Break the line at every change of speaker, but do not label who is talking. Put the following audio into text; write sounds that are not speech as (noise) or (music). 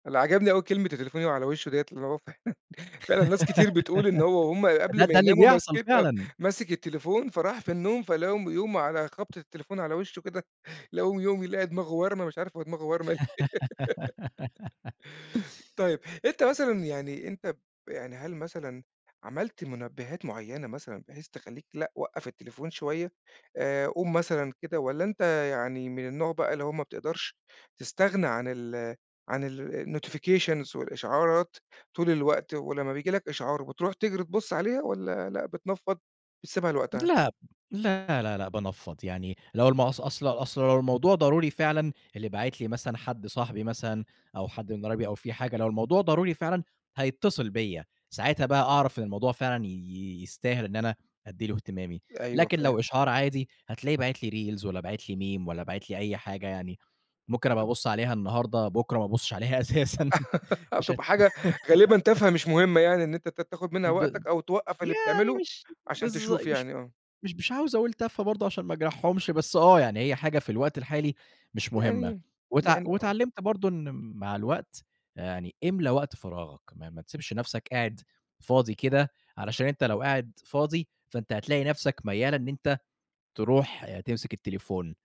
اللي عجبني أوي كلمة التليفون يُقع على وشه ديّة، اللي هو فعلًا فعلًا ناس كتير بتقول إن هو وهُم
(laughs) ده
قبل ما
ده اللي
يناموا،
بيحصل
ماسكين، آه،
فعلًا.
ماسك التليفون، فراح في النوم، فلقاهُم بيقوم على خبطة التليفون على وشه كده، (chuckles) فلقوهُم بيقوموا يلاقي دماغة وارمة، مش عارف هو دماغة ورمة ليه؟ (laughs)
(laughs)
طيّب، أنت مثلًا يعني، أنت ب يعني هل مثلًا عملت مُنبهات معينة مثلًا، بحيث تخلّيك لأ، وقف التليفون شوية، آآ، قوم مثلًا كده والّا أنت يعني من النوع بقى اللي هو ما بتقدرش تستغنى عن ال عن ال الnotifications والإشعارات طول الوقت، ولمّا بييجي لَك إشعار، بتروح تجري تبُص عليها، والّا لأ بتنفّض، بتسيبها لوقتها؟
لأ، لأ، لأ، لأ، بانفّض يعني، لو الم أص أصل أصل لو الموضوع ضروري فعلًا، اللي باعِت لي مثلًا حد صاحبي مثلًا أو حد من قرايبي أو في حاجة، لو الموضوع ضروري فعلًا، هيتصل بيّا، ساعتها بقى أعرف إن الموضوع فعلًا ي ي يستاهل إن أنا أدي له اهتمامي،
أيوه
لكن
فاهم.
لو إشعار عادي، هتلاقيه باعِت لي reals والّا بَعِت لي Meme، والّا بَعِت لي أي حاجة يعني، ممكن أبقي
(unintelligible)
أبصّ عليها النهارده، بُكرة، ما أبصش عليها أساسًا،
(laughs) أو
مش
تبقي
هت
حاجة غالبًا تافهة، مش
(laughs)
مهمة يعني، إن أنت ت تاخذ منها
ب
وقتك، أو توقف اللي
يعني
بتعمله
مش
عشان
بالض
تشوف
مش
يعني، آه.
مش مش عاوز أقول تافهة برضه، عشان ما أجرحهُمش، بس آه، يعني هي حاجة في الوقت الحالي مش مهمة،
يعني،
واتع
يعني آه.
واتعلمت برضه إن مع الوقت، آآ، يعني إملى وقت فراغك، ما ما تسبش نفسك قاعد فاضي كده، علشان أنت لو قاعد فاضي، فأنت هتلاقي نفسك ميال إن أنت تروح تمسك التليفون.